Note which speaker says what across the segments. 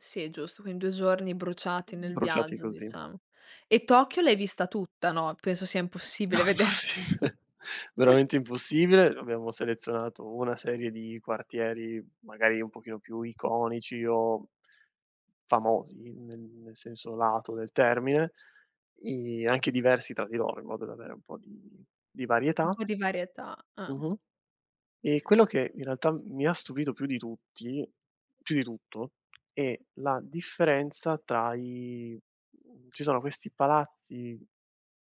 Speaker 1: Sì, è giusto. Quindi 2 giorni bruciati nel
Speaker 2: Bruciati
Speaker 1: viaggio,
Speaker 2: così.
Speaker 1: diciamo. E Tokyo l'hai vista tutta, no, penso sia impossibile vederla.
Speaker 2: Veramente impossibile. Abbiamo selezionato una serie di quartieri, magari, un pochino più iconici, o famosi, ne nel senso lato del termine, i anche diversi tra di loro in modo da avere un po' di di
Speaker 1: Un
Speaker 2: varietà
Speaker 1: po' di varietà, eh.
Speaker 2: Mh-mh. E quello che, in realtà, m mi ha stupito più di tutti più di tutto, è la differenza tra i mhmm, ci sono questi palazzi,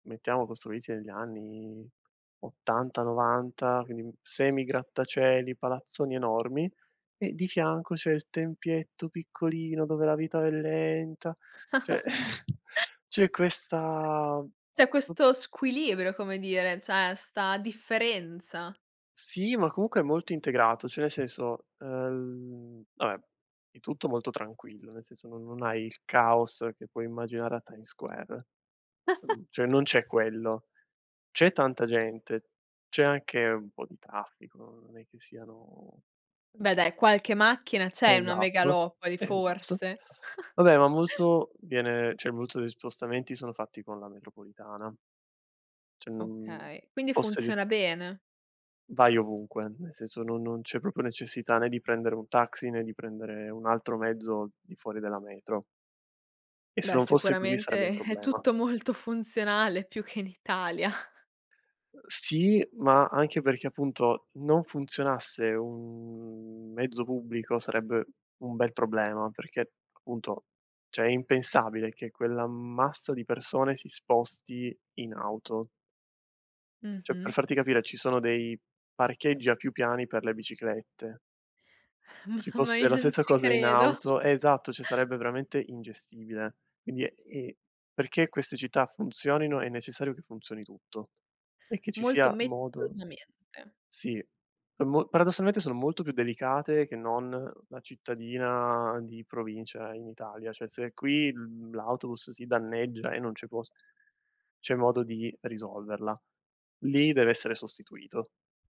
Speaker 2: mettiamo costruiti negli anni '80, '90, quindi, mhmm, semi grattacieli, palazzoni enormi, e di fianco c'è il tempietto piccolino, dove la vita è lenta cioè, c'è questa
Speaker 1: C'è
Speaker 2: p
Speaker 1: questo squilibrio, come dire, c'è 'sta differenza.
Speaker 2: Sì, ma comunque è molto integrato cioè, nel senso, el mhmm, vabbè, è tutto molto tranquillo, nel senso non non hai il caos che puoi immaginare a Times Square ehm, cioè, non c'è quello; c'è tanta gente, c'è anche un po' di traffico, non è che siano
Speaker 1: Beh dai, qualche macchina c'è, in una
Speaker 2: Esatto,
Speaker 1: megalopoli,
Speaker 2: esatto.
Speaker 1: forse.
Speaker 2: Va beh, ma molto viene cioè, voluto degli spostamenti sono fatti con la metropolitana. Cioè, non
Speaker 1: Okay, quindi
Speaker 2: fosse ge
Speaker 1: funziona bene?
Speaker 2: Vai ovunque, nel senso no non c'è proprio necessità né di prendere un taxi, né di prendere un altro mezzo di fuori della metro. E se
Speaker 1: Beh,
Speaker 2: non fosse così, sarebbe
Speaker 1: sicuramente
Speaker 2: un
Speaker 1: è
Speaker 2: problema.
Speaker 1: tutto molto funzionale, più che in Italia.
Speaker 2: Ehm, sì, ma anche perché, appunto, non funzionasse un mezzo pubblico sarebbe un bel problema perché, appunto, cioè è impensabile che quell'ammasso di persone si sposti in auto. Cioè,
Speaker 1: Mh-mh.
Speaker 2: per farti capire, ci sono dei parcheggi a più piani per le biciclette. Ci
Speaker 1: M ma
Speaker 2: fosse
Speaker 1: io
Speaker 2: la
Speaker 1: non
Speaker 2: sessa
Speaker 1: ci
Speaker 2: cosa in
Speaker 1: credo.
Speaker 2: auto esatto, cioè sarebbe veramente ingestibile. Quindi, e perché queste città funzionino, è necessario che funzioni tutto, e che ci
Speaker 1: Molto
Speaker 2: sia modo
Speaker 1: meticolosamente.
Speaker 2: sì, per mo paradossalmente sono molto più delicate che non la cittadina di provincia in Italia; cioè, se qui, mhmm, l'autobus si danneggia e non c'è post c'è modo di risolverla, lì deve essere sostituito.